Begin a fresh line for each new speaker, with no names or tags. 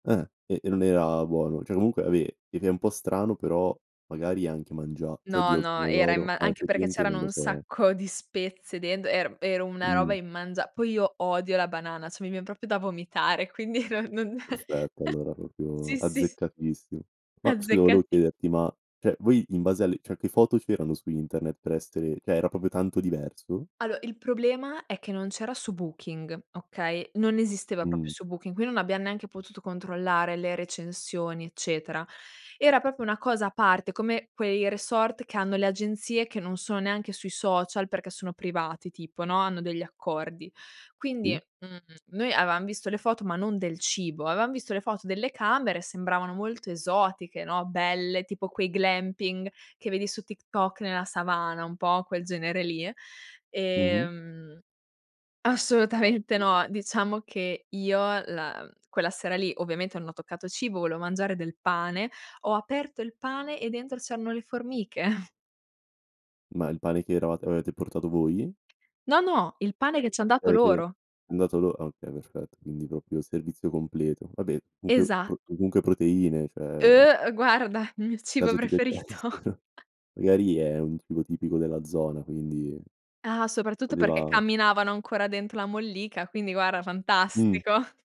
Eh, e e non era buono, cioè comunque ave ed è un po' strano però magari anche mangia cioè
No,
oddio, il
no, era in
pomodoro,
ma
ah
anche perché
effettivamente non
c'erano
lo
un
so.
sacco di spezie dentro, era era una roba
Mh-mh.
immangia poi io odio la banana, cioè mi vien proprio da vomitare, quindi non non
Aspetta, allora proprio
sì, sì, s
azzeccatissimo. Mah, scusa volevo
Azzeccati.
chiederti, ma cioè voi in base alle cioè che foto c'erano su internet per essere cioè era proprio tanto diverso?
Allo il problema è che non c'era su Booking, okay? Non esisteva proprio
Mh.
su Booking, quindi non abbiamo neanche potuto controllare le recensioni eccetera. Era proprio una cosa a parte, come quei resort che hanno le agenzie, che non sono neanche sui social, perché sono privati tipo, no, hanno degli accordi. Quindi,
Sì.
mhmm, noi avevam visto le foto, ma non del cibo, avevam visto le foto delle camere, sembravano molto esotiche, no, belle, tipo quei glamping che vedi su TikTok nella savana, un po' quel genere lì.
Mh-mh.
Ehm assolutamente no! Diciamo che io la mhmm, quella sera lì, ovviamente non ho toccato cibo, volevo mangiare del pane, ho aperto il pane e dentro c'erano le formiche.
Ma il pane che eravat avevate portato voi?
No, no, il pane che ci han dato
Avete
loro.
andato lor ah okay, perfetto quindi proprio servizio completo. Vabbè comunque
Esa
pro comunque proteine cioè
Eh guarda, il mio cibo
Caso ti
preferito.
piacessero. Magari è un tipo tipico della zona quindi,
Ah, soprattutto perché
voleva
camminavano ancora dentro la mollica, quindi guarda,
Mh.
fantastico.